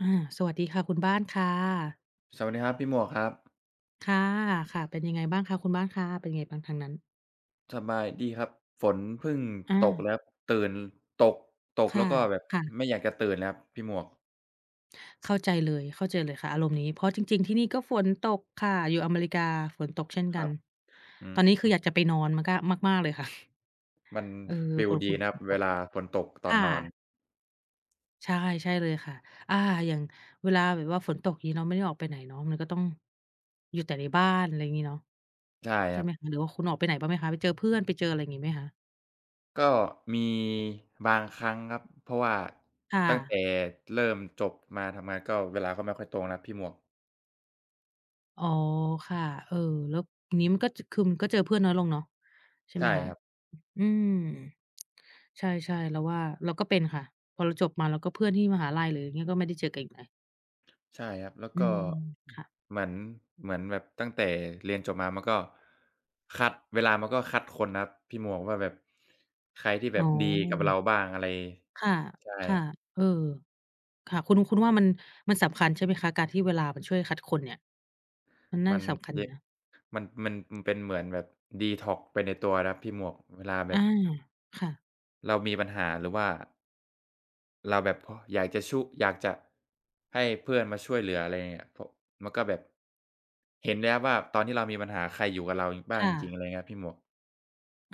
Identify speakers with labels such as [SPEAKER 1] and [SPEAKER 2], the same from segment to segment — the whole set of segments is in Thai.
[SPEAKER 1] อา สวัสดีค่ะคุณบ้านค่ะ
[SPEAKER 2] สวัสดีครับพี่หมวกครับ
[SPEAKER 1] ค่ะ ค่ะ เป็นยังไงบ้างคะคุณบ้านคะ เป็นยังไงบ้างทางนั้น?
[SPEAKER 2] สบายดีครับ ฝนเพิ่ง
[SPEAKER 1] อ
[SPEAKER 2] ตก
[SPEAKER 1] า
[SPEAKER 2] แล้ว ตื่น ตก ตก
[SPEAKER 1] ค
[SPEAKER 2] แล
[SPEAKER 1] ่
[SPEAKER 2] ้
[SPEAKER 1] ะ
[SPEAKER 2] วก็แบบ
[SPEAKER 1] ค่ะ
[SPEAKER 2] ไม่อยากจะตื่นเลยครับพี่หมวก
[SPEAKER 1] เข้าใจเลย เข้าใจเลยค่ะอารมณ์นี้ เพราะจริง ๆ ที่นี่ก็ฝนตกค่ะ อยู่อเมริกาฝนตกเช่นก
[SPEAKER 2] ค
[SPEAKER 1] ั
[SPEAKER 2] รั
[SPEAKER 1] น
[SPEAKER 2] บ อื
[SPEAKER 1] ตอนนี้คือ
[SPEAKER 2] อ
[SPEAKER 1] อยากจะไปนอน ม กะ มาก ๆ เลยค่ะ
[SPEAKER 2] มัน
[SPEAKER 1] เออ
[SPEAKER 2] ฟี
[SPEAKER 1] ค
[SPEAKER 2] ล
[SPEAKER 1] อย
[SPEAKER 2] ด
[SPEAKER 1] ค
[SPEAKER 2] ี
[SPEAKER 1] ุย
[SPEAKER 2] นะคร
[SPEAKER 1] ฝ
[SPEAKER 2] ับ
[SPEAKER 1] นต
[SPEAKER 2] เว
[SPEAKER 1] ก
[SPEAKER 2] ลาฝนตกต
[SPEAKER 1] ค
[SPEAKER 2] อน
[SPEAKER 1] ่
[SPEAKER 2] นอน
[SPEAKER 1] ะ ใช่ ใช่เลยค่ะ อา อย่าง เวลาแบบว่าฝนตกงี้เนาะ ไม่ได้ออกไปไหนเนาะ มันก็ต้อง อยู่แต่ในบ้าน ไรอย่างงี้เนาะ
[SPEAKER 2] ใช่
[SPEAKER 1] ใ
[SPEAKER 2] ค
[SPEAKER 1] ช่
[SPEAKER 2] รั
[SPEAKER 1] ไหม
[SPEAKER 2] บ
[SPEAKER 1] หรือว่าคุณออกไปไหนบ้างไหมคะ? ไปเจอเพื่อน ไปเจออะไรอย่างงี้ไหมคะ?
[SPEAKER 2] ก็มีบางครั้งครับ เพราะว่า
[SPEAKER 1] ค่
[SPEAKER 2] ตั้ง
[SPEAKER 1] ะ
[SPEAKER 2] แต่เริ่มจบมาทำงาน ก็เวลาก็ไม่ค่อยตรงแล้วครับพี่หมวก
[SPEAKER 1] อ๋อ ค่ะ เออ แล้ว อย่างนี้มันก็ จ คือก็เจอเพื่อนน้อยลงเนาะ ใช่
[SPEAKER 2] ใ
[SPEAKER 1] ไ
[SPEAKER 2] ช
[SPEAKER 1] หม
[SPEAKER 2] ่
[SPEAKER 1] คะ?
[SPEAKER 2] ครับ
[SPEAKER 1] อืม ใช่ ๆ เราว่า เราก็เป็นค่ะ พอเราจบมา แล้วก็เพื่อนที่มหาลัยหรืออย่างนี้ ก็ไม่ได้เจอกันอีกเลย
[SPEAKER 2] ใช่ครับ แล้ว
[SPEAKER 1] อื
[SPEAKER 2] ก็
[SPEAKER 1] ม ค่ะ
[SPEAKER 2] เหมือน เหมือนแบบตั้งแต่เรียนจบมา มันก็คัด เวลามันก็คัดคนนะครับพี่หมวก ว่าแบบ ใครที่แ
[SPEAKER 1] อ
[SPEAKER 2] บ
[SPEAKER 1] ๋
[SPEAKER 2] บดีกับเร
[SPEAKER 1] อ
[SPEAKER 2] าบ้างอะไร
[SPEAKER 1] ค่ะ
[SPEAKER 2] ใช่
[SPEAKER 1] ค่ะ เออ ค่ะ คุณ คุณว่ามัน มันสำคัญใช่ไหมคะ? การที่เวลามันช่วยคัดคนเนี่ย มันน่
[SPEAKER 2] ม
[SPEAKER 1] า
[SPEAKER 2] ั
[SPEAKER 1] จ
[SPEAKER 2] น
[SPEAKER 1] ะสำคัญอยู่
[SPEAKER 2] ย
[SPEAKER 1] นะ
[SPEAKER 2] มัน มันเป็นเหมือนแบบดีท็อกซ์ไปในตัวนะครับพี่หมวก เวลาแบ
[SPEAKER 1] อา
[SPEAKER 2] บ
[SPEAKER 1] ค่ะ
[SPEAKER 2] เรามีปัญหาหรือว่า เราแบบพอ อยากจะ ชุ อยากจะให้เพื่อนมาช่วยเหลือ อะไรอย่างเงี้ย พ มันก็แบบ เห็นแล้วว่าตอนที่เรามีปัญหาใครอยู่กับเราบ้
[SPEAKER 1] ค
[SPEAKER 2] าง
[SPEAKER 1] ่
[SPEAKER 2] จริง
[SPEAKER 1] ะ
[SPEAKER 2] ๆ อะไรเงี้ยพี่หมวก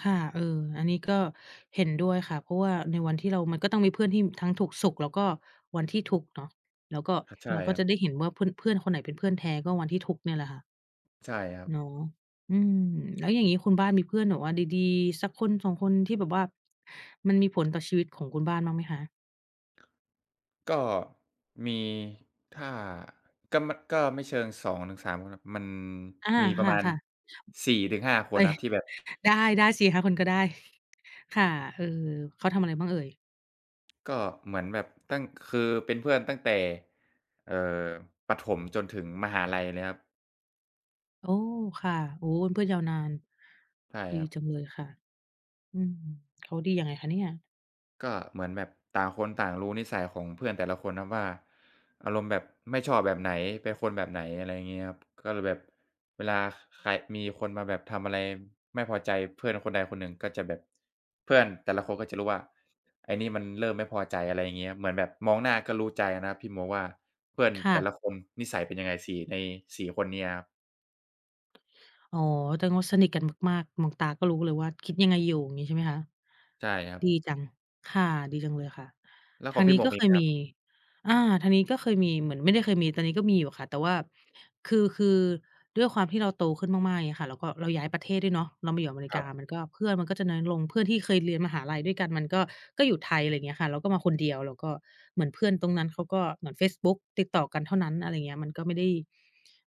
[SPEAKER 1] ค่ะ เออ อันนี้ก็เห็นด้วยค่ะ เพราะว่าในวันที่เรา มันก็ต้องมีเพื่อนที่ทั้งทุกข์สุข แล้วก็วันที่ทุกข์เนาะ แล้วก็
[SPEAKER 2] ห ใช่
[SPEAKER 1] เราก็
[SPEAKER 2] ครั
[SPEAKER 1] จะ
[SPEAKER 2] บ
[SPEAKER 1] ได้เห็นว่าเพื่อน เพื่อนคนไหนเป็นเพื่อนแท้ก็วันที่ทุกข์เนี่ยแหละค่ะ
[SPEAKER 2] ใช่ครับ
[SPEAKER 1] เนาะ อืม แล้วอย่างงี้คุณบ้านมีเพื่อนแบบว่าดี ๆ สักคน 2 คน ที่แบบว่ามันมีผลต่อชีวิตของคุณบ้านบ้างไหมคะ?
[SPEAKER 2] ก็ มี ถ้า ก็ ม ก็ไม่เชิง 2 ถึง 3 คนครับ มัน
[SPEAKER 1] อา
[SPEAKER 2] มีป
[SPEAKER 1] ค
[SPEAKER 2] ระมาณ
[SPEAKER 1] ่ะ ๆ
[SPEAKER 2] 4 ถึง 5 ค
[SPEAKER 1] เอ
[SPEAKER 2] น
[SPEAKER 1] ๊ย
[SPEAKER 2] ครับ ที่แบบ
[SPEAKER 1] ได้ ๆ 4 - 5 คนก็ได้ ค่ะ เออ เขาทำอะไรบ้างเอ่ย?
[SPEAKER 2] ก็เหมือนแบบตั้ง คือเป็นเพื่อนตั้งแต่ เอ่อ ประถมจนถึงมหาลัยเลยครับ
[SPEAKER 1] โอ้! ค่ะ โอ้โฮ เป็นเพื่อนยาวนาน
[SPEAKER 2] ใช่
[SPEAKER 1] ดี
[SPEAKER 2] ครับ
[SPEAKER 1] จังเลยค่ะ อืม เขาดียังไงคะเนี่ย?
[SPEAKER 2] ก็เหมือนแบบต่างคนต่างรู้นิสัยของเพื่อนแต่ละคนครับว่า อารมณ์แบบ ไม่ชอบแบบไหน เป็นคนแบบไหน อะไรเงี้ยครับ ก็เลยแบบ เวลา ค ใคร มีคนมาแบบทำอะไรไม่พอใจ เพื่อนคนใดคนหนึ่งก็จะแบบ เพื่อนแต่ละคนก็จะรู้ว่า ไอ้นี่มันเริ่มไม่พอใจ อะไรเงี้ยครับ เหมือนแบบมองหน้าก็รู้ใจนะครับ พี่ มองว่า เพื่อน
[SPEAKER 1] ค่
[SPEAKER 2] แต่
[SPEAKER 1] ะ
[SPEAKER 2] ละคนนิสัยเป็นยังไง 4- ใน 4 คนเนี้ยครับ
[SPEAKER 1] อ๋อ แตงว่าสนิทกันมาก ๆ มองตาก็รู้เลยว่าคิดยังไงอยู่ อย่างงี้ใช่ไหมคะ?
[SPEAKER 2] ใช่ครับ
[SPEAKER 1] ดีจัง ค่ะ ดีจังเลยค่ะ
[SPEAKER 2] แล้ว
[SPEAKER 1] ท
[SPEAKER 2] ขอ
[SPEAKER 1] า
[SPEAKER 2] ง
[SPEAKER 1] ง
[SPEAKER 2] พี
[SPEAKER 1] นี
[SPEAKER 2] ่
[SPEAKER 1] ้
[SPEAKER 2] หม
[SPEAKER 1] ก
[SPEAKER 2] วก
[SPEAKER 1] ็
[SPEAKER 2] มี
[SPEAKER 1] เค
[SPEAKER 2] ไห
[SPEAKER 1] ย
[SPEAKER 2] มคร
[SPEAKER 1] ม
[SPEAKER 2] ับ?
[SPEAKER 1] ี อา ทางนี้ก็เคยมีเหมือน ไม่ได้เคยมี ตอนนี้ก็มีอยู่ค่ะ แต่ว่า คือ คือด้วยความที่เราโตขึ้นมาก ๆ เงี้ยค่ะ แล้วก็เราย้ายประเทศด้วยเนาะ เรามาอยู่อเมริ
[SPEAKER 2] ค
[SPEAKER 1] ก
[SPEAKER 2] รั
[SPEAKER 1] า
[SPEAKER 2] บ
[SPEAKER 1] มันก็ เพื่อนมันก็จะน้อยลง เพื่อนที่เคยเรียนมหาลัยด้วยกัน มันก็ ก็อยู่ไทย ไรเงี้ยค่ะ เราก็มาคนเดียว เราก็ เหมือนเพื่อนตรงนั้นเขาก็ เหมือนเฟซบุ๊กติดต่อกันเท่านั้น อะไรอย่างเงี้ย มันก็ไม่ได้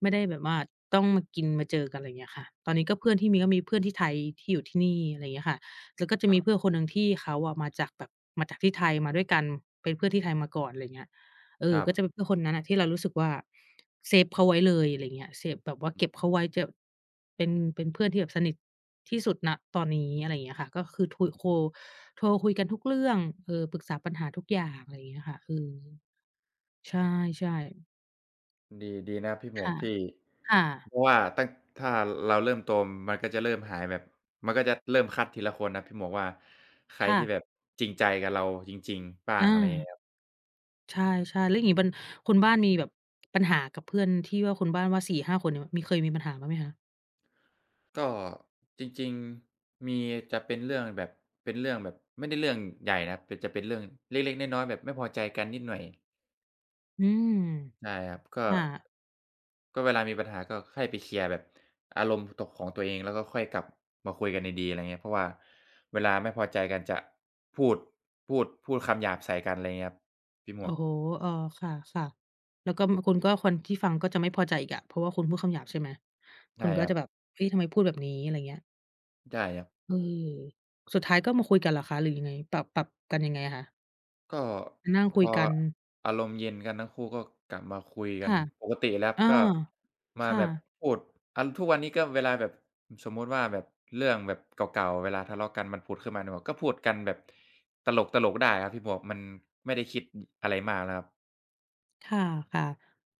[SPEAKER 1] ไม่ได้แบบว่าต้องมากิน มาเจอกัน ไรเงี้ยค่ะ ตอนนี้ก็เพื่อนที่มี ก็มีเพื่อนที่ไทยที่อยู่ที่นี่ ไรเงี้ยค่ะ แล้วก็จะ
[SPEAKER 2] ค
[SPEAKER 1] ม
[SPEAKER 2] ร
[SPEAKER 1] ี
[SPEAKER 2] ับ
[SPEAKER 1] เพื่อนคนหนึ่งที่เขาอะมาจากแบบ มาจากที่ไทยมาด้วยกัน เป็นเพื่อนที่ไทยมาก่อน ไรเงี้ย เอ
[SPEAKER 2] คร
[SPEAKER 1] อ
[SPEAKER 2] ั
[SPEAKER 1] ก็
[SPEAKER 2] บ
[SPEAKER 1] จะเป็นเพื่อนคนนั้นอะ ที่เรารู้สึกว่า เซฟเขาไว้เลย ไรเงี้ย เซฟแบบว่า เก็บเขาไว้ จับ เป็น เป็นเพื่อนที่แบบสนิทที่สุด ณ ตอนนี้ อะไรอย่างเงี้ยค่ะ ก็คือ ทุยโค โทรคุยกันทุกเรื่อง เออ ปรึกษาปัญหาทุกอย่าง ไรเงี้ยค่ะ เออ ใช่ ๆ
[SPEAKER 2] ดี ดีนะพี่หม
[SPEAKER 1] ค
[SPEAKER 2] ว
[SPEAKER 1] ่
[SPEAKER 2] ก
[SPEAKER 1] ะ
[SPEAKER 2] ที่
[SPEAKER 1] ค่ะ
[SPEAKER 2] เพราะว่าตั้ง ถ้าเราเริ่มโต มันก็จะเริ่มหายแบบ มันก็จะเริ่มคัดทีละคนนะพี่หมวกว่า ใคร
[SPEAKER 1] ค่
[SPEAKER 2] ที่
[SPEAKER 1] ะ
[SPEAKER 2] แบบจริงใจกับเราจริง ๆ บ้า
[SPEAKER 1] อ
[SPEAKER 2] ง อะไรอย่างงี้
[SPEAKER 1] า
[SPEAKER 2] ครับ
[SPEAKER 1] ใช่ ๆ แล้วอีกวัน คุณบ้านมีแบบปัญหากับเพื่อนที่ว่าคุณบ้านว่า 4-5 คนเนี่ย มี เคยมีปัญหาบ้างไหมคะ?
[SPEAKER 2] ก็ จริง ๆ มีจะเป็นเรื่องแบบ เป็นเรื่องแบบ ไม่ได้เรื่องใหญ่นะ แต่จะเป็นเรื่องเล็ก ๆ น้อย ๆ แบบไม่พอใจกันนิดหน่อย
[SPEAKER 1] อืม
[SPEAKER 2] ได้ครับ ก็
[SPEAKER 1] ค่ะ
[SPEAKER 2] ก็เวลามีปัญหาก็ค่อยไปเคลียร์แบบอารมณ์ ตก ของตัวเอง แล้วก็ค่อยกลับมาคุยกันดี ๆ อะไรอย่างเงี้ย เพราะว่าเวลาไม่พอใจกันจะพูด พูด พูดคำหยาบใส่กัน อะไรอย่างเงี้ยครับ พี่หม
[SPEAKER 1] โอ
[SPEAKER 2] ว
[SPEAKER 1] ้
[SPEAKER 2] ก
[SPEAKER 1] โฮ เออ ค่ะ ๆ แล้วก็ ม คุณก็ คนที่ฟังก็จะไม่พอใจอีกอะ เพราะว่าคุณพูดคำหยาบใช่ไหม?
[SPEAKER 2] ใ
[SPEAKER 1] ค
[SPEAKER 2] ช่
[SPEAKER 1] นก็
[SPEAKER 2] ครั
[SPEAKER 1] จะแบ
[SPEAKER 2] บ
[SPEAKER 1] บ เฮ้ย ทำไมพูดแบบนี้ อะไรอย่างเงี้ย
[SPEAKER 2] ใช่ครับ
[SPEAKER 1] อือ สุดท้ายก็มาคุยกันเหรอคะ? หรือยังไง? ปรับ ปรับกันยังไงคะ?
[SPEAKER 2] ก็
[SPEAKER 1] มานั่ง
[SPEAKER 2] พ
[SPEAKER 1] คุย
[SPEAKER 2] อ
[SPEAKER 1] กัน
[SPEAKER 2] อารมณ์เย็นกันทั้งคู่ ก็กลับมาคุยก
[SPEAKER 1] ค
[SPEAKER 2] ั
[SPEAKER 1] ่
[SPEAKER 2] น
[SPEAKER 1] ะ
[SPEAKER 2] ปกติแล้ว
[SPEAKER 1] อา
[SPEAKER 2] ก็มา
[SPEAKER 1] ค่
[SPEAKER 2] แบบ
[SPEAKER 1] ะ
[SPEAKER 2] พูด อะ ทุกวันนี้ก็เวลาแบบ สมมุติว่าแบบเรื่องแบบเก่า ๆ เวลาทะเลาะกันมันผุดขึ้นมาในหัว ก็พูดกันแบบตลก ๆ ได้ครับพี่หมวก มันไม่ได้คิด อ อะไรมากแล้วครับ
[SPEAKER 1] ค่ะ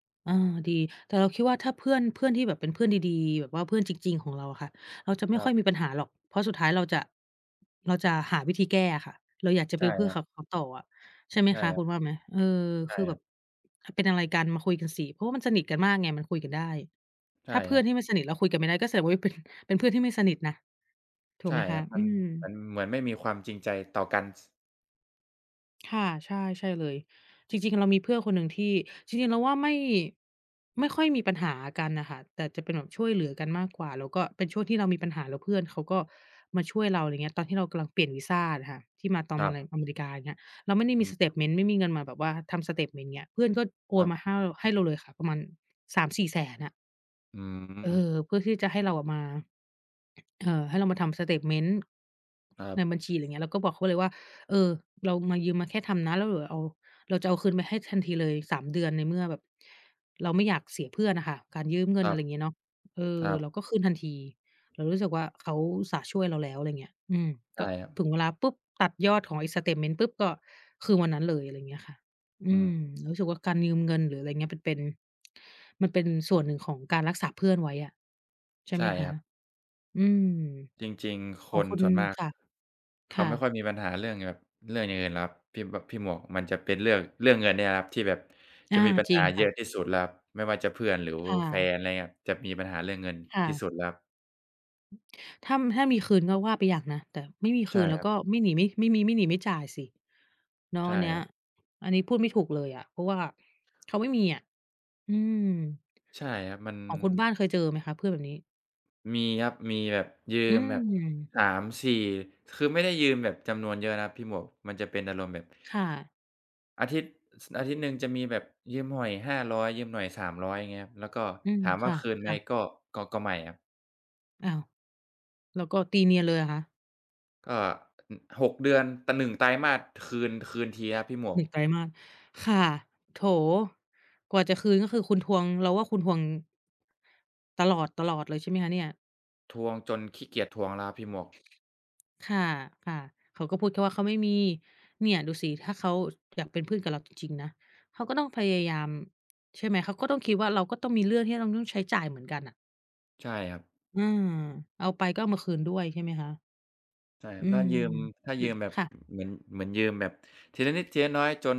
[SPEAKER 1] ๆ อา ดี แต่เราคิดว่าถ้าเพื่อน เพื่อนที่แบบเป็นเพื่อนดี ๆ แบบว่าเพื่อนจริง ๆ ของเราค่ะ เราจะไม
[SPEAKER 2] ค
[SPEAKER 1] ่
[SPEAKER 2] รั
[SPEAKER 1] ค่อ
[SPEAKER 2] บ
[SPEAKER 1] ยมีปัญหาหรอก เพราะสุดท้ายเราจะ เราจะหาวิธีแก้อะค่ะ เราอยากจะ
[SPEAKER 2] ใช
[SPEAKER 1] เป็
[SPEAKER 2] ่
[SPEAKER 1] นเพื่
[SPEAKER 2] ค
[SPEAKER 1] อ
[SPEAKER 2] รั
[SPEAKER 1] ข
[SPEAKER 2] บ
[SPEAKER 1] ับเขาต่ออะ ใช่ไหม
[SPEAKER 2] ใช่
[SPEAKER 1] คะ
[SPEAKER 2] คร
[SPEAKER 1] ค
[SPEAKER 2] ั
[SPEAKER 1] ุ
[SPEAKER 2] บ
[SPEAKER 1] ณว่าไหม? เออ
[SPEAKER 2] ใช
[SPEAKER 1] ค
[SPEAKER 2] ่
[SPEAKER 1] ือแ
[SPEAKER 2] ค
[SPEAKER 1] บ
[SPEAKER 2] รั
[SPEAKER 1] บ
[SPEAKER 2] บ
[SPEAKER 1] เป็นอะไรกันมาคุยกันสิ เพราะว่ามันสนิทกันมากไง มันคุยกันได้
[SPEAKER 2] ใช่
[SPEAKER 1] ถ้าเพ
[SPEAKER 2] ค
[SPEAKER 1] ื่
[SPEAKER 2] รั
[SPEAKER 1] อน
[SPEAKER 2] บ
[SPEAKER 1] ที่ไม่สนิทแล้วคุยกันไม่ได้ ก็แสดง ว่าเป็น เป็นเพื่อนที่ไม่สนิทนะ ถู
[SPEAKER 2] ใช
[SPEAKER 1] ก
[SPEAKER 2] ่
[SPEAKER 1] ไหมค
[SPEAKER 2] คร
[SPEAKER 1] ะ
[SPEAKER 2] ับ มั
[SPEAKER 1] อื
[SPEAKER 2] น
[SPEAKER 1] ม
[SPEAKER 2] มันเหมือนไม่มีความจริงใจต่อกัน ส
[SPEAKER 1] ค่ะ ใช่ ใช่เลย จริง ๆ เรามีเพื่อนคนหนึ่งที่ จริง ๆ เราว่าไม่ ไม่ค่อยมีปัญหากันน่ะค่ะ แต่จะเป็นแบบช่วยเหลือกันมากกว่า แล้วก็เป็นช่วงที่เรามีปัญหา แล้วเพื่อนเขาก็มาช่วยเรา อะไรเงี้ย ตอนที่เรากำลังเปลี่ยนวีซาน่ะค่ะ ที่มา ตอน
[SPEAKER 2] ค
[SPEAKER 1] ม
[SPEAKER 2] ร
[SPEAKER 1] า ร
[SPEAKER 2] ับ
[SPEAKER 1] อเมริกา อย่างเงี้ย เราไม่ได้
[SPEAKER 2] อ
[SPEAKER 1] ม
[SPEAKER 2] ื
[SPEAKER 1] ี
[SPEAKER 2] ม
[SPEAKER 1] สเตตเมนต์ไม่มีเงินมาแบบว่าทำสเตตเมนต์เงี้ย เพื่อนก็โอ
[SPEAKER 2] คร
[SPEAKER 1] นมา
[SPEAKER 2] ับ
[SPEAKER 1] แห้ว ล ให้เราเลยค่ะ ประมาณ 3-400,000 น่ะ
[SPEAKER 2] อื
[SPEAKER 1] เอ
[SPEAKER 2] ม
[SPEAKER 1] อ เพื่อที่จะให้เราอะมา เอ่อ ให้เรามาทำสเตตเมนต์
[SPEAKER 2] ครั
[SPEAKER 1] ใน
[SPEAKER 2] บ
[SPEAKER 1] บัญชีหรือ เงี้ย เราก็บอกเขาเลยว่า เอ่อ เรามา ยืมมาแค่ทำนะ แล้วเหรอเอา เราจะเอาคืนไปให้ทัน ทีเลย 3 เดือน ในเมื่อแบบเราไม่อยากเสียเพื่อนน่ะค่ะ การยืมเง
[SPEAKER 2] ค
[SPEAKER 1] ิน
[SPEAKER 2] ร
[SPEAKER 1] อ
[SPEAKER 2] ั
[SPEAKER 1] ะไ
[SPEAKER 2] บ
[SPEAKER 1] รเงี้ยเนาะ เอ
[SPEAKER 2] ค
[SPEAKER 1] อ
[SPEAKER 2] รั
[SPEAKER 1] เร
[SPEAKER 2] บ
[SPEAKER 1] าก็คืนทันที เรารู้สึกว่า เขาอุตส่าห์ช่วยเราแล้ว อะไรอเงี้ย อืม
[SPEAKER 2] ใช
[SPEAKER 1] ก
[SPEAKER 2] ่
[SPEAKER 1] ็
[SPEAKER 2] ครับ
[SPEAKER 1] ถึงเวลาปุ๊บ ตัดยอดของไอ้สเตตเมนต์ ปุ๊บ ก็ คือวันนั้นเลย อะไรเงี้ยค่ะ อ
[SPEAKER 2] อื
[SPEAKER 1] ื
[SPEAKER 2] ม
[SPEAKER 1] ม เรารู้สึกว่าการยืมเงิน หรืออะไรเงี้ย ปันเป็น มันเป็นส่วนหนึ่งของการรักษาเพื่อนไว้อะ ใช่
[SPEAKER 2] ใช
[SPEAKER 1] ไห
[SPEAKER 2] ่
[SPEAKER 1] มค
[SPEAKER 2] คร
[SPEAKER 1] ะ
[SPEAKER 2] ับ
[SPEAKER 1] อืม
[SPEAKER 2] จริง ๆ
[SPEAKER 1] ข
[SPEAKER 2] ค
[SPEAKER 1] อง
[SPEAKER 2] น
[SPEAKER 1] คุณ
[SPEAKER 2] ส่วนมาก
[SPEAKER 1] ค่ะ
[SPEAKER 2] เข
[SPEAKER 1] ค
[SPEAKER 2] า
[SPEAKER 1] ่
[SPEAKER 2] ไม่ค่
[SPEAKER 1] ะ
[SPEAKER 2] อยมีปัญหาเรื่องที่แบบ เรื่องอย่างอื่นล่ะครับ พี่ แบบ พี่หมวก มันจะเป็นเรื่อง เรื่องเงินเนี่ยล่ะครับ ที่แบบ
[SPEAKER 1] อ
[SPEAKER 2] จ
[SPEAKER 1] า
[SPEAKER 2] ะมีปัญ
[SPEAKER 1] จริ
[SPEAKER 2] หา
[SPEAKER 1] งค
[SPEAKER 2] เย
[SPEAKER 1] ่
[SPEAKER 2] อ
[SPEAKER 1] ะ
[SPEAKER 2] ะที่สุดแล้วครับ ไม่ว่าจะเพื่อนหรือ
[SPEAKER 1] ค่
[SPEAKER 2] แฟ
[SPEAKER 1] ะ
[SPEAKER 2] น อะไรอย่างเงี้ย จะมีปัญหาเรื่องเงิน
[SPEAKER 1] ค่
[SPEAKER 2] ที่
[SPEAKER 1] ะ
[SPEAKER 2] สุดแล้วครับ
[SPEAKER 1] ถ้า ถ้ามีคืนก็ว่าไปอย่างนะ แต่ไม่มีค
[SPEAKER 2] ใช่
[SPEAKER 1] ืนแล้
[SPEAKER 2] ค
[SPEAKER 1] ว
[SPEAKER 2] รั
[SPEAKER 1] ก
[SPEAKER 2] บ
[SPEAKER 1] ็ไม่หนี ไม่ ไม่มี ไม่หนี ไม่จ่ายสิ เนา
[SPEAKER 2] ใ
[SPEAKER 1] ะ
[SPEAKER 2] ช่
[SPEAKER 1] อันเนี้
[SPEAKER 2] ค
[SPEAKER 1] ย
[SPEAKER 2] รับ
[SPEAKER 1] อันนี้พูดไม่ถูกเลยอะ เพราะว่าเขาไม่มีอะ อืม
[SPEAKER 2] ใช่ครับ มัน
[SPEAKER 1] ของคุณบ้านเคยเจอไหมคะเพื่อนแบบนี้?
[SPEAKER 2] มีครับ มีแบบยื
[SPEAKER 1] อื
[SPEAKER 2] มแบบ
[SPEAKER 1] ม
[SPEAKER 2] 3-4 คือไม่ได้ยืมแบบจำนวนเยอะนะครับพี่หมวก มันจะเป็นอารมณ์แบบ
[SPEAKER 1] ค่ะ
[SPEAKER 2] อาทิตย์ อาทิตย์หนึ่งจะมีแบบยืมหน่อย 500 ยืมหน่อย 300 อย่างงี้ครับ แล้วก็
[SPEAKER 1] อืม
[SPEAKER 2] ถาม
[SPEAKER 1] ค
[SPEAKER 2] ว่
[SPEAKER 1] ่
[SPEAKER 2] า
[SPEAKER 1] ะ
[SPEAKER 2] คืน
[SPEAKER 1] ค
[SPEAKER 2] ไหม
[SPEAKER 1] ่ะ
[SPEAKER 2] ก็ ก็ ก็ไม่ครับ
[SPEAKER 1] อ้าว แล้วก็ตีเนียนเลยเหรอคะ?
[SPEAKER 2] ก็ อ 6 เดือน แต่ 1 ไตรมาสคืน คืนทีครับพี่หมว
[SPEAKER 1] หน
[SPEAKER 2] ก
[SPEAKER 1] ึ่ง ไตรมาส ค่ะ โถ กว่าจะคืนก็คือคุณทวง เราว่าคุณทวง ตลอด ๆ เลยใช่ไหมคะเนี่ย
[SPEAKER 2] ทวงจนขี้เกียจทวงแล้วครับพี่หมวก
[SPEAKER 1] ค่ะ ค่ะ เขาก็พูดแค่ว่าเขาไม่มี เนี่ยดูสิถ้าเขาอยากเป็นเพื่อนกับเราจริง ๆ นะ เขาก็ต้องพยายาม ใช่ไหม เขาก็ต้องคิดว่าเราก็ต้องมีเรื่องที่เราต้องใช้จ่ายเหมือนกันน่ะ
[SPEAKER 2] ใช่ครับ
[SPEAKER 1] อา เอาไปก็เอามาคืนด้วยใช่ไหมคะ?
[SPEAKER 2] ใช่คร
[SPEAKER 1] อ
[SPEAKER 2] ั
[SPEAKER 1] ื
[SPEAKER 2] บ ถ้า
[SPEAKER 1] ม
[SPEAKER 2] ยืม ถ้า
[SPEAKER 1] อื
[SPEAKER 2] ยื
[SPEAKER 1] อ
[SPEAKER 2] มแบบ
[SPEAKER 1] ค่ะ
[SPEAKER 2] เหมือน เหมือนยืมแบบทีละนิดทีละน้อย จน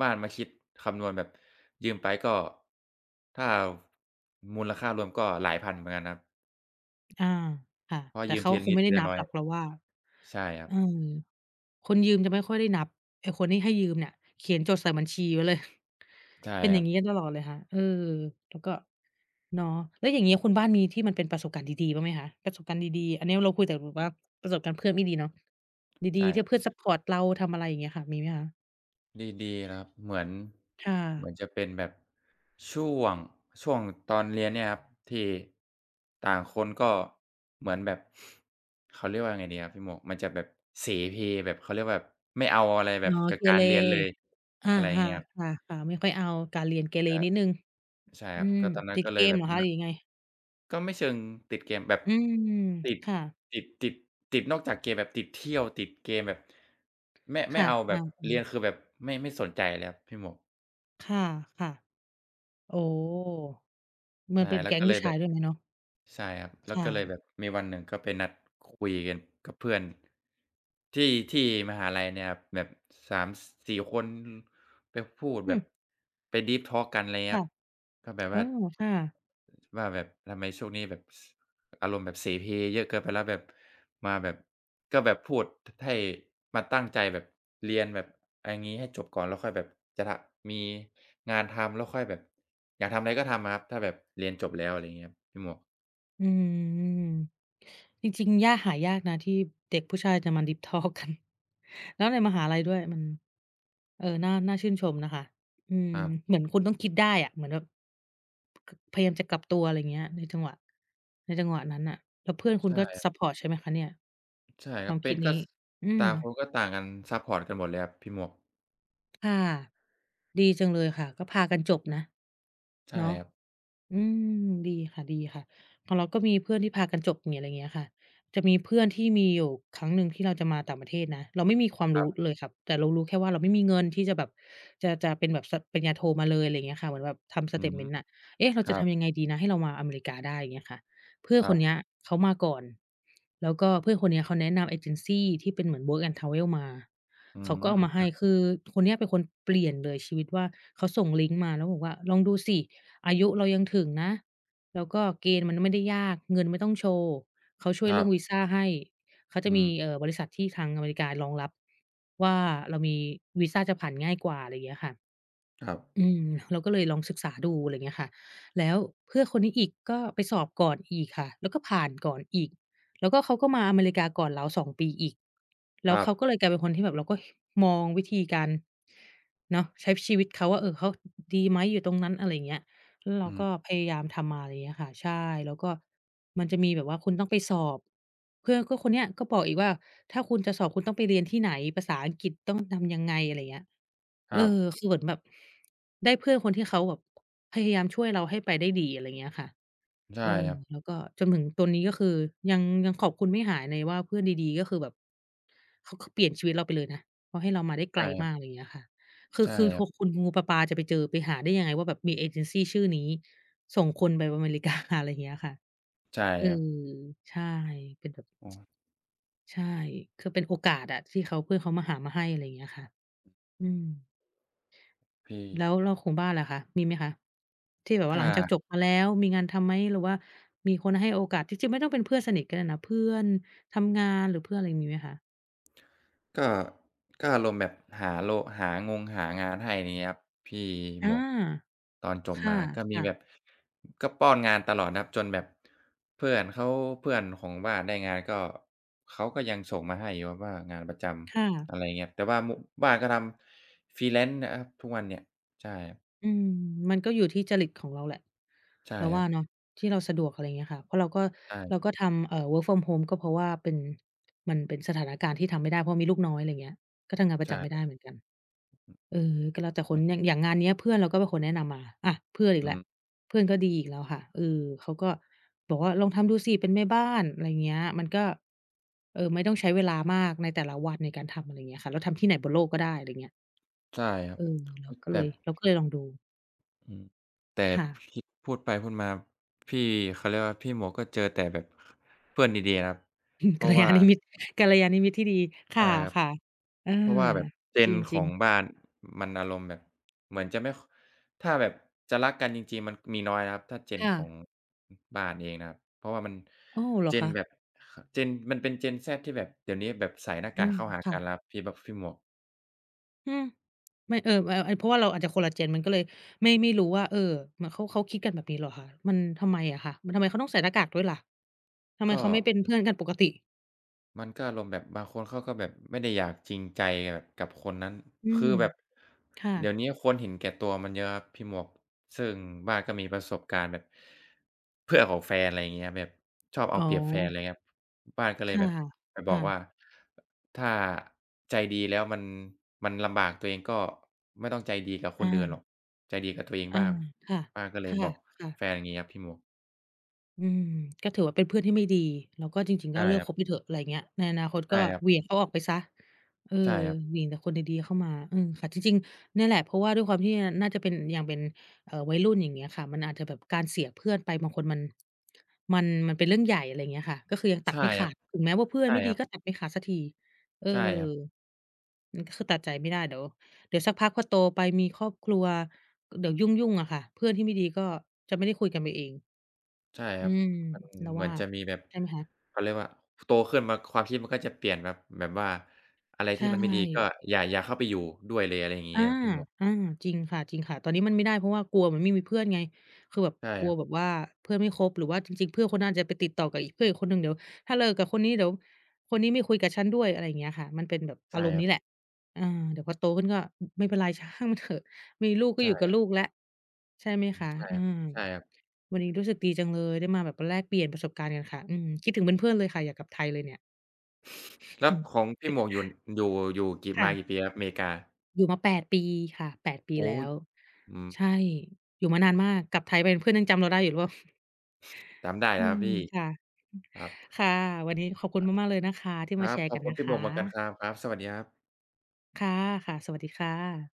[SPEAKER 2] บ้านมาคิดคำนวณแบบ ยืมไปก็ ถ้า มูลค่ารวมก็หลายพันเหมือนกันครับ
[SPEAKER 1] อา ค่ะ
[SPEAKER 2] เพราะ
[SPEAKER 1] แต่
[SPEAKER 2] ยื
[SPEAKER 1] เ
[SPEAKER 2] ม
[SPEAKER 1] ขา
[SPEAKER 2] ทีละ
[SPEAKER 1] ค
[SPEAKER 2] น
[SPEAKER 1] ง
[SPEAKER 2] ิ
[SPEAKER 1] ไ
[SPEAKER 2] ด
[SPEAKER 1] ม่ไ
[SPEAKER 2] ท
[SPEAKER 1] ด
[SPEAKER 2] ี
[SPEAKER 1] ้
[SPEAKER 2] ละ
[SPEAKER 1] นับ
[SPEAKER 2] น้อ
[SPEAKER 1] ห
[SPEAKER 2] ย
[SPEAKER 1] รอกเราว่า
[SPEAKER 2] ใช่ครั
[SPEAKER 1] เออ
[SPEAKER 2] บ
[SPEAKER 1] คนยืมจะไม่ค่อยได้นับ ไอ้คนที่ให้ยืมเนี่ยเขียนจดใส่บัญชีไว้เลย
[SPEAKER 2] ใช่
[SPEAKER 1] เป็นอ
[SPEAKER 2] ค
[SPEAKER 1] ย
[SPEAKER 2] ร
[SPEAKER 1] ่
[SPEAKER 2] ั
[SPEAKER 1] างง
[SPEAKER 2] บ
[SPEAKER 1] ี้กันตลอดเลยค่ะ เออ แล้วก็ เนาะ แล้วอย่างงี้ คุณบ้านมีที่มันเป็นประสบการณ์ดี ๆ บ้างไหมคะ? ประสบการณ์ดี ๆ อันนี้เราคุยแต่แบบว่า ประสบการณ์เพื่อนไม่ดีเนาะ
[SPEAKER 2] ใ
[SPEAKER 1] ด
[SPEAKER 2] ช
[SPEAKER 1] ี
[SPEAKER 2] ่
[SPEAKER 1] ๆ ท
[SPEAKER 2] ค
[SPEAKER 1] ี
[SPEAKER 2] ร
[SPEAKER 1] ่
[SPEAKER 2] ับ
[SPEAKER 1] เพื่อนซัปพอร์ตเรา ทำอะไรอย่างเงี้ยค่ะ มีไหมคะ?
[SPEAKER 2] ดี ๆ ครับ เหมือน
[SPEAKER 1] ค่
[SPEAKER 2] เหมือ
[SPEAKER 1] ะ
[SPEAKER 2] นจะเป็นแบบ ช่วง ช่วงตอนเรียนเนี่ยครับ ที่ต่างคนก็เหมือนแบบ เขาเรียกว่ายังไงดีครับพี่หมวก มันจะแบบเสเพล แบบเขาเรียกว่า แบบไม่เอาอะไรแ
[SPEAKER 1] อ
[SPEAKER 2] บ
[SPEAKER 1] ๋อ
[SPEAKER 2] บกั
[SPEAKER 1] เ
[SPEAKER 2] บ
[SPEAKER 1] ก
[SPEAKER 2] กา
[SPEAKER 1] เร
[SPEAKER 2] รเรียนเลย
[SPEAKER 1] อะ
[SPEAKER 2] อะไรอย่
[SPEAKER 1] ค
[SPEAKER 2] างเงี้ยครับ
[SPEAKER 1] ่ะ ๆ ๆ ไม่ค่อยเอาการเรียนเกเร
[SPEAKER 2] ครั
[SPEAKER 1] นิ
[SPEAKER 2] บ
[SPEAKER 1] ดหนึ่ง
[SPEAKER 2] ใช่
[SPEAKER 1] อ
[SPEAKER 2] ค
[SPEAKER 1] ื
[SPEAKER 2] รับ
[SPEAKER 1] ม
[SPEAKER 2] ก็ตอนนั้
[SPEAKER 1] ต
[SPEAKER 2] น
[SPEAKER 1] ิด
[SPEAKER 2] ก็
[SPEAKER 1] เ
[SPEAKER 2] เล
[SPEAKER 1] ก
[SPEAKER 2] ย
[SPEAKER 1] ม
[SPEAKER 2] แบ
[SPEAKER 1] เห
[SPEAKER 2] บ
[SPEAKER 1] รอ
[SPEAKER 2] นั้
[SPEAKER 1] ค
[SPEAKER 2] น
[SPEAKER 1] ะ
[SPEAKER 2] แห
[SPEAKER 1] หร
[SPEAKER 2] ล
[SPEAKER 1] ื
[SPEAKER 2] ะ
[SPEAKER 1] อยังไง?
[SPEAKER 2] ก็ไม่เชิงติดเกมแบบ
[SPEAKER 1] อืม
[SPEAKER 2] ติด
[SPEAKER 1] ค่ะ
[SPEAKER 2] ติด ติด ติดนอกจากเกม แบบติดเที่ยว ติดเกมแบบ ไม่ ไ
[SPEAKER 1] ค
[SPEAKER 2] ม่
[SPEAKER 1] ่ะ
[SPEAKER 2] เอาแ
[SPEAKER 1] อ
[SPEAKER 2] บ
[SPEAKER 1] า
[SPEAKER 2] บเรีย
[SPEAKER 1] ๆ
[SPEAKER 2] น คือแบบไม่ ไม่สนใจเลยครับพี่หมวก
[SPEAKER 1] ค่ะ ๆ โอ้ เหม
[SPEAKER 2] ใ
[SPEAKER 1] ื
[SPEAKER 2] ช
[SPEAKER 1] อ
[SPEAKER 2] ่
[SPEAKER 1] นเป็น
[SPEAKER 2] แล
[SPEAKER 1] แ
[SPEAKER 2] ้
[SPEAKER 1] ก
[SPEAKER 2] ว
[SPEAKER 1] ๊
[SPEAKER 2] ก็
[SPEAKER 1] ง
[SPEAKER 2] เ
[SPEAKER 1] ผ
[SPEAKER 2] ล
[SPEAKER 1] ู้
[SPEAKER 2] ย
[SPEAKER 1] ช
[SPEAKER 2] แบ
[SPEAKER 1] าย
[SPEAKER 2] บ
[SPEAKER 1] ด้วยไหมเนาะ?
[SPEAKER 2] ใช่ครับ แล
[SPEAKER 1] ค
[SPEAKER 2] ้ว
[SPEAKER 1] ่
[SPEAKER 2] ก็เลย
[SPEAKER 1] ะ
[SPEAKER 2] แบบมีวันหนึ่ง ก็ไปนัดคุยกันกับเพื่อน ที่ ที่มหาลัยเนี่ยแหละครับ แบบ 3,4 คน แบบพูด
[SPEAKER 1] อื
[SPEAKER 2] แบบ
[SPEAKER 1] ม
[SPEAKER 2] ไป Deep Talk กันไร
[SPEAKER 1] ค
[SPEAKER 2] เงี้
[SPEAKER 1] ่ะ
[SPEAKER 2] ย ก็แบบ
[SPEAKER 1] โอ
[SPEAKER 2] ว
[SPEAKER 1] ้
[SPEAKER 2] ่า
[SPEAKER 1] ค่ะ
[SPEAKER 2] ว่าแบบทำไมช่วงนี้แบบ ส อารมณ์แบบเสเพลเยอะเกินไปแล้ว แบบมาแบบ ก็แบบพูดให้มาตั้งใจแบบเรียนแบบไรงี้ให้จบก่อน แล้วค่อยแบบ จะทำ มีงานทำแล้วค่อยแบบ อยากทำไรก็ทำอะครับ ถ้าแบบเรียนจบแล้ว อะไรอย่างเงี้ยครับพี่หมวก
[SPEAKER 1] อืม จริง ๆ ยาก หายากนะที่เด็กผู้ชายจะมา ดีป ทอล์ก กัน แล้วในมหาลัยด้วย มัน เออ น่า น่าชื่นชมนะคะ อืม
[SPEAKER 2] ครับ
[SPEAKER 1] เหมือนคุณต้องคิดได้อะ เหมือนแบบ ค พยายามจะกลับตัว อะไรอย่างเงี้ย ในจังหวะ ในจังหวะนั้นน่ะ แล้วเพื่อนคุ
[SPEAKER 2] ใช
[SPEAKER 1] ณ
[SPEAKER 2] ่
[SPEAKER 1] ก็
[SPEAKER 2] ครับ
[SPEAKER 1] ซัปพอร์ตใช่ไหมคะเนี่ย?
[SPEAKER 2] ใช่
[SPEAKER 1] ค
[SPEAKER 2] ครั
[SPEAKER 1] วา
[SPEAKER 2] บ
[SPEAKER 1] ม
[SPEAKER 2] เป
[SPEAKER 1] ค
[SPEAKER 2] ็
[SPEAKER 1] ิ
[SPEAKER 2] น
[SPEAKER 1] ด
[SPEAKER 2] ก
[SPEAKER 1] น
[SPEAKER 2] ็
[SPEAKER 1] ี้
[SPEAKER 2] ส
[SPEAKER 1] อื
[SPEAKER 2] ต่
[SPEAKER 1] ม
[SPEAKER 2] างคนก็ต่างกัน ซัปพอร์ตกันหมดเลยครับพี่หมวก
[SPEAKER 1] ค่ะ ดีจังเลยค่ะ ก็พากันจบนะ
[SPEAKER 2] ใช่
[SPEAKER 1] เนาะ
[SPEAKER 2] ครับ
[SPEAKER 1] อืม ดีค่ะ ๆ ของเราก็มีเพื่อนที่พากันจบ มีอะไรอย่างเงี้ยค่ะ จะมีเพื่อนที่ มีอยู่ครั้งหนึ่งที่เราจะมาต่างประเทศนะ เราไม่มีความ
[SPEAKER 2] ค
[SPEAKER 1] ร
[SPEAKER 2] รั
[SPEAKER 1] ู้
[SPEAKER 2] บ
[SPEAKER 1] เลยขับ แต่เรารู้แค่ว่าเราไม่มีเงินที่จะแบบ จะ จะเป็นแบบ ส ปริญญาโทมาเลย อะไรอย่างเงี้ยค่ะ เหมือนแบบทำส
[SPEAKER 2] อื
[SPEAKER 1] เตต
[SPEAKER 2] ม
[SPEAKER 1] เมนต์อะ เอ๊ะ! เรา
[SPEAKER 2] ค
[SPEAKER 1] จ
[SPEAKER 2] ร
[SPEAKER 1] ะ
[SPEAKER 2] ั
[SPEAKER 1] ท
[SPEAKER 2] บ
[SPEAKER 1] ำยังไงดีนะ ให้เรามาอเมริกาได้ อย่างเงี้ยค่ะ เพื่อน
[SPEAKER 2] คร
[SPEAKER 1] ค
[SPEAKER 2] ั
[SPEAKER 1] น
[SPEAKER 2] บ
[SPEAKER 1] เนี้ยเขามาก่อน แล้วก็เพื่อนคนเนี้ยเขาแนะนำเอเจนซีที่เป็นเหมือน Work and Travel มา
[SPEAKER 2] อื
[SPEAKER 1] เขาก็เอ
[SPEAKER 2] ม
[SPEAKER 1] ามาให
[SPEAKER 2] อ
[SPEAKER 1] ้ คือคนเนี้ยเป็นคนเปลี่ยนเลยชีวิตว่า เขาส่งลิงก์มาแล้วบอกว่า "ลองดูสิ อายุเรายังถึงนะ แล้วก็เกณฑ์มันไม่ได้ยาก เงินไม่ต้องโชว์ เขาช่วย
[SPEAKER 2] ค
[SPEAKER 1] เ
[SPEAKER 2] ร
[SPEAKER 1] รื
[SPEAKER 2] ั
[SPEAKER 1] ่อ
[SPEAKER 2] บ
[SPEAKER 1] งวีซ่าให้ เขาจ
[SPEAKER 2] อื
[SPEAKER 1] ะมี
[SPEAKER 2] ม
[SPEAKER 1] เอ่อ บริษัทที่ทางอเมริการองรับว่าเรามี วีซาจะผ่านง่ายกว่า" อะไรอย่างเงี้ยค่ะ
[SPEAKER 2] ครับ
[SPEAKER 1] อืม เราก็เลยลองศึกษาดู อะไรอย่างเงี้ยค่ะ แล้วเพื่อนคนนี้อีก ก็ไปสอบก่อนอีกค่ะ แล้วก็ผ่านก่อนอีก แล้วก็เขาก็มาอเมริกาก่อนเรา 2 ปีอีก แล
[SPEAKER 2] ค
[SPEAKER 1] ้
[SPEAKER 2] ร
[SPEAKER 1] ว
[SPEAKER 2] ั
[SPEAKER 1] เขา
[SPEAKER 2] บ
[SPEAKER 1] ก็เลยกลายเป็นคนที่แบบ เราก็มองวิธีการ เนาะ ใช้ชีวิตเขาว่า เออ เขาดีไหม อยู่ตรงนั้น อะไรอย่างเงี้ย แล้วเร
[SPEAKER 2] อื
[SPEAKER 1] าก
[SPEAKER 2] ม
[SPEAKER 1] ็พยายามทำมา อะไรอย่างเงี้ยค่ะ ใช่ แล้วก็มันจะมีแบบว่าคุณต้องไปสอบ เพื่อนก็คนเนี้ยก็บอกอีกว่า "ถ้าคุณจะสอบคุณต้องไปเรียนที่ไหน ภาษาอังกฤษต้องดึงยังไง" อะไรอย่างเงี้ย
[SPEAKER 2] ค
[SPEAKER 1] เอ
[SPEAKER 2] รั
[SPEAKER 1] อ
[SPEAKER 2] บ
[SPEAKER 1] คือเหมือนแบบได้เพื่อนคนที่เขาแบบพยายามช่วยเราให้ไปได้ดี อะไรอย่างเงี้ยค่ะ
[SPEAKER 2] ใช่
[SPEAKER 1] เออ
[SPEAKER 2] ครับ
[SPEAKER 1] แล้วก็จนถึงตัวนี้ ก็คือยัง ยังขอบคุณไม่หายเลยว่า เพื่อนดี ๆ ก็คือแบบ ข เขาเปลี่ยนชีวิตเราไปเลยนะ เพราะให้เรามาได้ไ
[SPEAKER 2] ใช
[SPEAKER 1] ก
[SPEAKER 2] ่
[SPEAKER 1] ล
[SPEAKER 2] ครั
[SPEAKER 1] ม
[SPEAKER 2] บ
[SPEAKER 1] าก อะไรอย่างเงี้ยค่ะ คื
[SPEAKER 2] ใ
[SPEAKER 1] อ
[SPEAKER 2] ช่
[SPEAKER 1] คือ
[SPEAKER 2] ครับ
[SPEAKER 1] คุณงู ๆ ปลา ๆ จะไปเจอ ไปหาได้ยังไงว่าแบบมีเอเจนซีชื่อนี้ ส่งคนไปอเมริ กา อะไรอย่างเงี้ยค่ะ
[SPEAKER 2] ใช่
[SPEAKER 1] เอ
[SPEAKER 2] ครับ
[SPEAKER 1] อ ใช่ เป็นแบบ
[SPEAKER 2] อือ
[SPEAKER 1] ใช่ คือเป็นโอกาสอะ ที่เขา เพื่อนเขามาหามาให้ อะไรอย่างเงี้ยค่ะ อืม
[SPEAKER 2] พี่
[SPEAKER 1] แล้ว แล้วของบ้านล่ะคะ มีไหมคะ? ที่แบบว่
[SPEAKER 2] ถ
[SPEAKER 1] า
[SPEAKER 2] ้
[SPEAKER 1] หลังจาก
[SPEAKER 2] า
[SPEAKER 1] จบมาแล้ว มีงานทำไหม? หรือว่ามีคนให้โอกาส ที่จริงไม่ต้องเป็นเพื่อนสนิทก็ได้นะ เพื่อนทำงาน หรือเพื่อนอะไร มีไหมคะ?
[SPEAKER 2] ก็ ก็อารมณ์แบบหาโล หางงหางานให้ ไรเงี้ยครับ พี่
[SPEAKER 1] อา
[SPEAKER 2] หมวก ตอนจ
[SPEAKER 1] ค
[SPEAKER 2] บ
[SPEAKER 1] ่
[SPEAKER 2] มาก็มี
[SPEAKER 1] ะ
[SPEAKER 2] แบ
[SPEAKER 1] ๆ
[SPEAKER 2] บ ก็ป้อนงานตลอดนะครับ จนแบบ เพื่อนเขา เพื่อนของบ้านได้งานก็ เขาก็ยังส่งมาให้อยู่ครับว่างานประจ
[SPEAKER 1] ค่
[SPEAKER 2] ำ
[SPEAKER 1] ะ
[SPEAKER 2] อะไรเงี้ย แต่ว่าโมะ บ้านก็ทำ freelance นะครับ ทุกวันเนี่ย ใช่
[SPEAKER 1] อืม มันก็อยู่ที่จริตของเราแหละ
[SPEAKER 2] ใช่
[SPEAKER 1] เราว
[SPEAKER 2] คร
[SPEAKER 1] ่า
[SPEAKER 2] ับ
[SPEAKER 1] เนาะ ที่เราสะดวก อะไรเงี้ยค่ะ เพราะเราก็
[SPEAKER 2] ใช่
[SPEAKER 1] เราก็ทำ เอ่อ work from home ก็เพราะว่าเป็น มันเป็นสถานการณ์ที่ทำไม่ได้ เพราะมีลูกน้อย ไรเงี้ย ก็ทำงานปร
[SPEAKER 2] ใช
[SPEAKER 1] ะจำไม่ได
[SPEAKER 2] ่
[SPEAKER 1] ้เหมือนกัน เออ ก็แล้วแต่ค
[SPEAKER 2] ม
[SPEAKER 1] น
[SPEAKER 2] ด
[SPEAKER 1] อย่าง อย่างงานเนี้ยเพื่อนเราก็เป็นคนแนะนำมา อะ เพื่อนอีก
[SPEAKER 2] อ
[SPEAKER 1] แ
[SPEAKER 2] ื
[SPEAKER 1] ล้ว
[SPEAKER 2] อ
[SPEAKER 1] เพื่อนก็ดีอีกแล้วค่ะ เออ เขาก็ บอกว่าลองทำดูสิเป็นแม่บ้าน ไรเงี้ย มันก็ เออ ไม่ต้องใช้เวลามากในแต่ละวันในการทำ ไรเงี้ยค่ะ แล้วทำที่ไหนบนโลกก็ได้ ไรเงี้ย
[SPEAKER 2] ใช่ครับ
[SPEAKER 1] เออ เราก็
[SPEAKER 2] แ
[SPEAKER 1] เ
[SPEAKER 2] บ
[SPEAKER 1] ล
[SPEAKER 2] บ
[SPEAKER 1] ย เราก็เลยลองดู
[SPEAKER 2] อือ แต่
[SPEAKER 1] ค
[SPEAKER 2] บ
[SPEAKER 1] ่ะ
[SPEAKER 2] พิ พูดไปพูดมาบ พี่ เขาเรียกว่า พี่หมวกก็เจอแต่แบบ เพื่อนดี ๆ นะครับ เพ
[SPEAKER 1] ก
[SPEAKER 2] ร
[SPEAKER 1] ั
[SPEAKER 2] า
[SPEAKER 1] ล
[SPEAKER 2] ะว
[SPEAKER 1] ย
[SPEAKER 2] ่
[SPEAKER 1] า
[SPEAKER 2] า
[SPEAKER 1] ณมิตร กัลยาณมิตรที่ดี ค
[SPEAKER 2] ใช
[SPEAKER 1] ่
[SPEAKER 2] ่ครับ
[SPEAKER 1] ะ ๆ อา
[SPEAKER 2] เพราะว่าแบบ
[SPEAKER 1] จ
[SPEAKER 2] Gen ข
[SPEAKER 1] ริ
[SPEAKER 2] อ
[SPEAKER 1] ง
[SPEAKER 2] ง
[SPEAKER 1] ๆ
[SPEAKER 2] บ้าน มันอารมณ์แบบเหมือนจะไม่ ค ถ้าแบบจะรักกันจริง ๆ มันมีน้อยนะครับ ถ้า
[SPEAKER 1] ค
[SPEAKER 2] Gen
[SPEAKER 1] ่
[SPEAKER 2] ขอ
[SPEAKER 1] ะ
[SPEAKER 2] ง บ้านเองนะครับ เพราะว่ามัน
[SPEAKER 1] โอ้! เหรอค
[SPEAKER 2] Gen
[SPEAKER 1] ะ?
[SPEAKER 2] แบบ Gen มันเป็น Gen Z ที่แบบ เดี๋ยวนี้แบบใส่หน้า
[SPEAKER 1] อ
[SPEAKER 2] ก
[SPEAKER 1] ื
[SPEAKER 2] าก
[SPEAKER 1] ม
[SPEAKER 2] เข้าหา
[SPEAKER 1] ค่
[SPEAKER 2] กั
[SPEAKER 1] ะ
[SPEAKER 2] นแล้วครับ พี่บะ พี่หมวก
[SPEAKER 1] อืม ไม่ เออ ว ไอ ไอ เพราะว่าเราอาจจะคนละ gen มันก็เลยไม่ ไม่รู้ว่า เออ เหมือนเขา เขาคิดกันแบบนี้เหรอคะ? มันทำไมอะคะ? มัน ทำไมเขาต้องใส่หน้ากากด้วยล่ะ? ทำไม
[SPEAKER 2] ก
[SPEAKER 1] เขาไม่เป
[SPEAKER 2] ็
[SPEAKER 1] ็นเพื่อนกันปกติ?
[SPEAKER 2] มันก็อารมณ์แบบ บางคนเขาก็แบบไม่ได้อยากจริงใจอะกับคนนั้น
[SPEAKER 1] อื
[SPEAKER 2] คือ
[SPEAKER 1] ม
[SPEAKER 2] แบบ
[SPEAKER 1] ค่ะ
[SPEAKER 2] เดี๋ยวเนี้ย คนเห็นแก่ตัวมันเยอะครับพี่หมวก ซึ่งบ้านก็มีประสบการณ์แบบ เพื่อนของแฟน ไรเงี้ยครับ แบบชอบเ
[SPEAKER 1] อ
[SPEAKER 2] อ
[SPEAKER 1] ๋
[SPEAKER 2] าเปรียบแฟน
[SPEAKER 1] อ
[SPEAKER 2] ไรเงี้ยครับ บ้านก็เ
[SPEAKER 1] ค
[SPEAKER 2] ลย
[SPEAKER 1] ่ะ
[SPEAKER 2] แบบไป
[SPEAKER 1] ค
[SPEAKER 2] บอ
[SPEAKER 1] ่
[SPEAKER 2] ก
[SPEAKER 1] ะ
[SPEAKER 2] ว่า "ถ้าใจดีแล้วมัน มันลำบากตัวเอง ก็ไม่ต้องใจดีกับค
[SPEAKER 1] อ
[SPEAKER 2] นอื่นหร
[SPEAKER 1] า
[SPEAKER 2] อก ใจดีกับตัวเอง
[SPEAKER 1] อา
[SPEAKER 2] บ้าง"
[SPEAKER 1] ค่ะ
[SPEAKER 2] บ้านก็เล
[SPEAKER 1] ค
[SPEAKER 2] ย
[SPEAKER 1] ่ะ
[SPEAKER 2] บอก
[SPEAKER 1] ค่ะ
[SPEAKER 2] แฟน อย่างงี้ครับ พี่หมวก
[SPEAKER 1] อืม ก็ถือว่า เป็นเพื่อนที่ไม่ดี แล้วก็จริง
[SPEAKER 2] ใ
[SPEAKER 1] ๆ
[SPEAKER 2] ช
[SPEAKER 1] ก็
[SPEAKER 2] ่
[SPEAKER 1] เลิ
[SPEAKER 2] ค
[SPEAKER 1] ก
[SPEAKER 2] รั
[SPEAKER 1] ค
[SPEAKER 2] บ
[SPEAKER 1] บไปเถอะ ไรเงี้ย ในอนาคต
[SPEAKER 2] ใช
[SPEAKER 1] ก
[SPEAKER 2] ่
[SPEAKER 1] ็
[SPEAKER 2] ครับ
[SPEAKER 1] เหวี่ยงเอาออกไปเสีย เออ
[SPEAKER 2] ใช่ครับ
[SPEAKER 1] เหวี่ยงแต่คนดี ๆ เข้ามา อืม ค่ะ จริง ๆ เนี่ยแหละ เพราะว่าด้วยความที่มันน่าจะเป็น ยังเป็น เอ่อ วัยรุ่น อย่างเงี้ยค่ะ มันอาจจะแบบการเสียเพื่อนไป บางคนมัน มัน มันเป็นเรื่องใหญ่ อะไรอย่างเงี้ยค่ะ ก็คือยังต
[SPEAKER 2] ใ
[SPEAKER 1] ั
[SPEAKER 2] ช
[SPEAKER 1] ด
[SPEAKER 2] ่
[SPEAKER 1] ไม่ข
[SPEAKER 2] ครั
[SPEAKER 1] า
[SPEAKER 2] บ
[SPEAKER 1] ด ถึงแม้ว่าเพื่อ
[SPEAKER 2] ใช
[SPEAKER 1] น
[SPEAKER 2] ่
[SPEAKER 1] ไม่ด
[SPEAKER 2] ค
[SPEAKER 1] ี
[SPEAKER 2] รับ
[SPEAKER 1] ก็ตัดไม่ขาดสักที เออ
[SPEAKER 2] ใช่ครับ
[SPEAKER 1] อืม ก็คือตัดใจไม่ได้ เดี๋ยว เดี๋ยวสักพักพอโตไปมีครอบครัว เดี๋ยวยุ่ง ๆ อะค่ะ เพื่อนที่ไม่ดีก็จะไม่ได้คุยกันไปเอง
[SPEAKER 2] ใช่
[SPEAKER 1] อ
[SPEAKER 2] คร
[SPEAKER 1] ื
[SPEAKER 2] ับ
[SPEAKER 1] ม
[SPEAKER 2] มัน
[SPEAKER 1] เรา
[SPEAKER 2] เห
[SPEAKER 1] ว
[SPEAKER 2] มือ
[SPEAKER 1] ่
[SPEAKER 2] น
[SPEAKER 1] า
[SPEAKER 2] จะมีแบบ
[SPEAKER 1] ใช่ไหมคะ?
[SPEAKER 2] เขาเรียกว่า โตขึ้นมาความคิดมันก็จะเปลี่ยนแบบ แบบว่าอะไร
[SPEAKER 1] ใช
[SPEAKER 2] ที่มันไม่ดีก็
[SPEAKER 1] ่
[SPEAKER 2] อย่า อย่าเข้าไปอยู่ด้วยเลย อะไรอย่างง
[SPEAKER 1] อ
[SPEAKER 2] ี้
[SPEAKER 1] า
[SPEAKER 2] ครับ พี่หมวก
[SPEAKER 1] อา จริงค่ะ ๆ ตอนนี้มันไม่ได้ เพราะว่ากลัวมันไม่มีเพื่อนไง คือแบบ
[SPEAKER 2] ใช่
[SPEAKER 1] กล
[SPEAKER 2] ค
[SPEAKER 1] ั
[SPEAKER 2] ร
[SPEAKER 1] ว
[SPEAKER 2] ับ
[SPEAKER 1] แบบว่าเพื่อนไม่คบ หรือว่าจริง ๆ เพื่อนคนนั้นอาจจะไปติดต่อกับอีก เพื่อนอีกคนหนึ่ง เดี๋ยวถ้าเลิกกับคนนี้ เดี๋ยวคนนี้ไม่คุยกับฉันด้วย อะไรอย่างเงี้ยค่ะ มันเป็นแบบ
[SPEAKER 2] ใ
[SPEAKER 1] อ
[SPEAKER 2] ช
[SPEAKER 1] า
[SPEAKER 2] ่
[SPEAKER 1] รมณ
[SPEAKER 2] ค
[SPEAKER 1] ์
[SPEAKER 2] ร
[SPEAKER 1] น
[SPEAKER 2] ั
[SPEAKER 1] ี้
[SPEAKER 2] บ
[SPEAKER 1] แหละ อา เดี๋ยวพอโตขึ้นก็ อือ ไม่เป็นไร ช่างเถอะ มีลูกก
[SPEAKER 2] ใ
[SPEAKER 1] ็
[SPEAKER 2] ช
[SPEAKER 1] อ
[SPEAKER 2] ่
[SPEAKER 1] ยู่กับ
[SPEAKER 2] ครับ
[SPEAKER 1] ลูกแล้ว ใช่ไหม
[SPEAKER 2] อื
[SPEAKER 1] ค
[SPEAKER 2] ม
[SPEAKER 1] ะ
[SPEAKER 2] ใช่
[SPEAKER 1] อ
[SPEAKER 2] ค
[SPEAKER 1] า
[SPEAKER 2] รับ ใช่ครับ
[SPEAKER 1] วันนี้รู้สึกดีจังเลย ได้มาแบบแลกเปลี่ยนประสบการณ์กันค่ะ อืม คิดถึงเพื่อน ๆ เลยค่ะ อยากกลับไทยเลยเนี่ย
[SPEAKER 2] แล้วของพี่หมวกอยู่ อยู่ อยู่กี่
[SPEAKER 1] ค
[SPEAKER 2] ม
[SPEAKER 1] ่
[SPEAKER 2] า
[SPEAKER 1] ะ
[SPEAKER 2] กี่ปีแล้วครับ อเมริกา?
[SPEAKER 1] อยู่มา 8 ปีค่ะ 8 ปี
[SPEAKER 2] โอ้
[SPEAKER 1] แล
[SPEAKER 2] โฮ
[SPEAKER 1] ้ว
[SPEAKER 2] อืม
[SPEAKER 1] ใช่ อยู่มานานมาก กลับไทยไปเพื่อนยังจำเราได้อยู่หรือเปล่า
[SPEAKER 2] จำได้อย
[SPEAKER 1] อ
[SPEAKER 2] ู่
[SPEAKER 1] ื
[SPEAKER 2] แล้วครั
[SPEAKER 1] ม
[SPEAKER 2] บพี่
[SPEAKER 1] ค่ะ
[SPEAKER 2] ครับ
[SPEAKER 1] ค่ะ วันนี้ขอบคุณมาก ๆ เลยนะคะที่
[SPEAKER 2] ค
[SPEAKER 1] ม
[SPEAKER 2] ร
[SPEAKER 1] า
[SPEAKER 2] ั
[SPEAKER 1] แช
[SPEAKER 2] บ
[SPEAKER 1] ร์
[SPEAKER 2] ขอ
[SPEAKER 1] กั
[SPEAKER 2] บ
[SPEAKER 1] น
[SPEAKER 2] คุ
[SPEAKER 1] น
[SPEAKER 2] ณ
[SPEAKER 1] ะ
[SPEAKER 2] พี่
[SPEAKER 1] ค
[SPEAKER 2] หมวกเหมือนกัน
[SPEAKER 1] ะ
[SPEAKER 2] ครับ ครับ สวัสดีครับ
[SPEAKER 1] ค่ะ ค่ะ สวัสดีค่ะ